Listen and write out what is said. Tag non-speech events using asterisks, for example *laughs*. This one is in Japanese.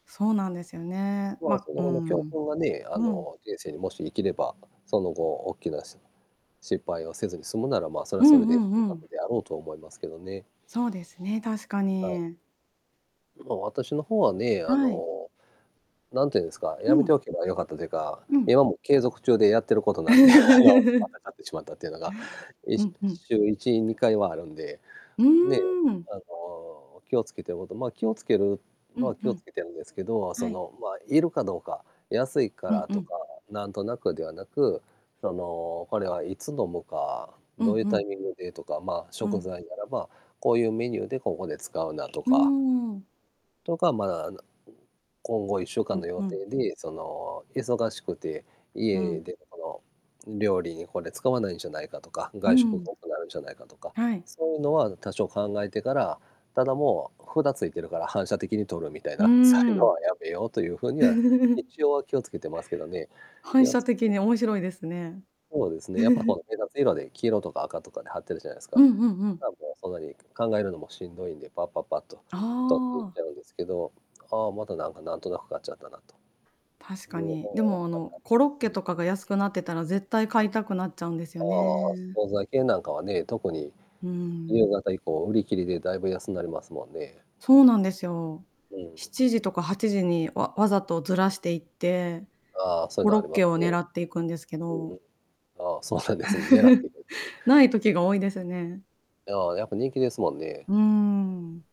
そうなんですよね。まあ、まそうの後の教ん。訓がね、あうん。の、人生にもし生きれば、その後おっきなし失敗をせずに済むなら、ま、それうはんそれうで収んう穫ん。であろうと思いますけどね。そうですね、確かはい。に。ま、私の方はね、ああい。の、なんて言うんですか、うやめてん。おけばよかったというか、うん。今も継続中でやってることなんで、あの、ま *laughs* た買ってしまったっていうのが、いうしんうん。週1、2回はあるんで、うね、ーん。あの、気をつけてことまあ、気を付けるうのはんう気をん。付けてんですけど、あ、そはい。の、まあ、いるかどうか、安いかうんらうとかん。なんとなくではなく、その、これはいつ飲むか、うどんういううタん。イミングでとか、まあ、う食ん。材ならば、こういうメニューでここで使うなとうーかん。とか、ま、あの、今後いっしゅううかんん、の予ふん。定で、その忙しくて、う家ん。でこの、料理にこれ使わないんじゃないかとか、う外食ん。が多くなるんじゃないかとか、はい。そういうのは多少考えてから、ただもう札ついてるから反射的に取るみたいうーな、そういうのん。はやめようという風には、*giggles* 一応は気をつけてますけどね。反気を射つけ的てに、面白いですね。ほうですね、やっぱこの *chuckles* 目立つ色で黄色とか赤とかで貼ってるじゃないすうか。んうんうん。だ、もうそんなに考えるのもしんどいんで、パッパッパッとあ取っていっちあ。ゃうんですけど「ああ、またなんかなんとなく買っちゃったな」と。確いかうのがに、でやっもあぱりの、ありコロッまケすし。とかが安くなってたら、絶対買いたくなっちゃうんですあよあ、ね。惣菜系なんかはね、特にうー夕ん。方以降売り切りでだいぶ安なりますもんね。そうなんですよ。うしん。ちじとか8時にわわざとずらしていって、ああ、そういコうのロあッりまケすをね。狙っていくんですけうんうど。ん。ああ、そうなんですん、狙って *giggles* 行くんすね。ない時が多いですね。ああ、やっぱ人気ですもんね。うーん。